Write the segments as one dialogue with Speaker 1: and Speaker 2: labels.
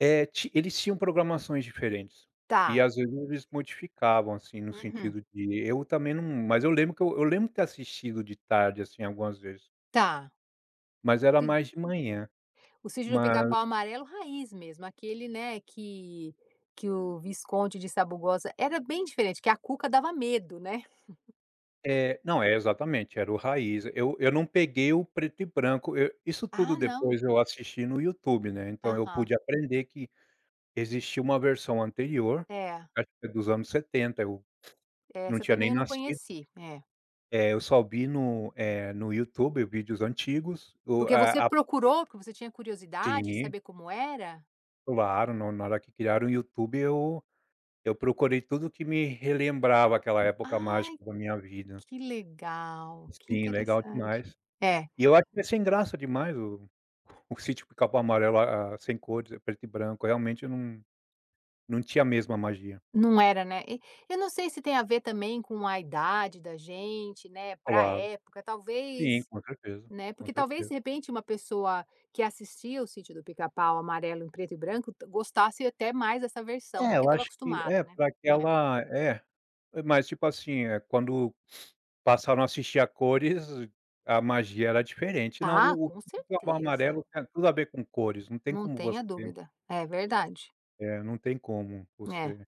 Speaker 1: É, ti eles tinham programações diferentes. E,
Speaker 2: Tá.
Speaker 1: às vezes, eles modificavam, assim, no
Speaker 2: Uhum.
Speaker 1: sentido de eu também não mas eu lembro que eu eu lembro ter assistido de tarde, assim, algumas vezes.
Speaker 2: Tá.
Speaker 1: Mas era
Speaker 2: [unintelligible]
Speaker 1: mais de manhã.
Speaker 2: O Sítio do
Speaker 1: Mas
Speaker 2: Picapau Amarelo raiz, mesmo. Aquele, né, que que o Visconde de Sabugosa era bem diferente, que a Cuca dava medo, né.
Speaker 1: É. Não, é exatamente, era o raiz. Eu eu não peguei o preto e branco, eu isso
Speaker 2: Ah,
Speaker 1: tudo,
Speaker 2: não.
Speaker 1: depois eu assisti no YouTube, né. Então eu
Speaker 2: Aham.
Speaker 1: pude aprender que existia uma versão anterior,
Speaker 2: É.
Speaker 1: acho que dos anos 70, eu não
Speaker 2: Essa
Speaker 1: tinha
Speaker 2: também
Speaker 1: nem
Speaker 2: eu não
Speaker 1: nascido.
Speaker 2: conheci. É.
Speaker 1: É, eu só vi no eh, no YouTube, vídeos antigos. O
Speaker 2: Porque você
Speaker 1: a a
Speaker 2: procurou, porque você tinha curiosidade de
Speaker 1: Sim.
Speaker 2: saber como era?
Speaker 1: Claro. No na hora que criaram o YouTube, eu eu procurei tudo o que me relembrava aquela época
Speaker 2: Ai,
Speaker 1: mágica da minha vida.
Speaker 2: que legal! Que
Speaker 1: Sim, legal
Speaker 2: interessante!
Speaker 1: demais.
Speaker 2: É.
Speaker 1: E eu acho que é sem graça demais o o Sítio do Picapau Amarelo a a sem cores, preto e branco. Realmente, eu não não tinha a mesma magia.
Speaker 2: Não era, né. E eu não sei se tem a ver, também, com a idade da gente, né, pra
Speaker 1: Claro.
Speaker 2: época
Speaker 1: Sim,
Speaker 2: talvez
Speaker 1: com certeza.
Speaker 2: né.
Speaker 1: Com
Speaker 2: Porque talvez,
Speaker 1: certeza.
Speaker 2: de repente, uma pessoa que assistia o Sítio do Picapau Amarelo em preto e branco gostasse até mais dessa versão,
Speaker 1: É,
Speaker 2: porque
Speaker 1: eu
Speaker 2: estava
Speaker 1: acho que
Speaker 2: acostumada,
Speaker 1: é,
Speaker 2: né.
Speaker 1: para
Speaker 2: É.
Speaker 1: aquela é. Mas, tipo assim, eh, quando passaram a assistir a cores, a magia era diferente. Não,
Speaker 2: Ah,
Speaker 1: o o
Speaker 2: com
Speaker 1: Sítio do Picapau
Speaker 2: certeza.
Speaker 1: Amarelo tem tudo a ver com cores. Não tem
Speaker 2: Não
Speaker 1: como
Speaker 2: tenha
Speaker 1: você
Speaker 2: dúvida. É verdade.
Speaker 1: É, não tem como
Speaker 2: É.
Speaker 1: você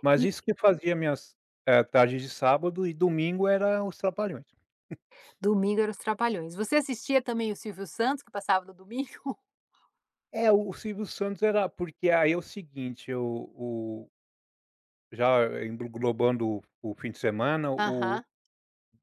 Speaker 1: mas
Speaker 2: E
Speaker 1: isso que fazia minhas, eh, tardes de sábado e domingo eram Os Trapalhões. [unintelligible]
Speaker 2: Domingo era Os Trapalhões. Você assistia também, o Silvio Santos, que passava no domingo?
Speaker 1: É, o o Silvio Santos era porque aí é o seguinte, eu o Já englobando o fim de semana, o
Speaker 2: Aham.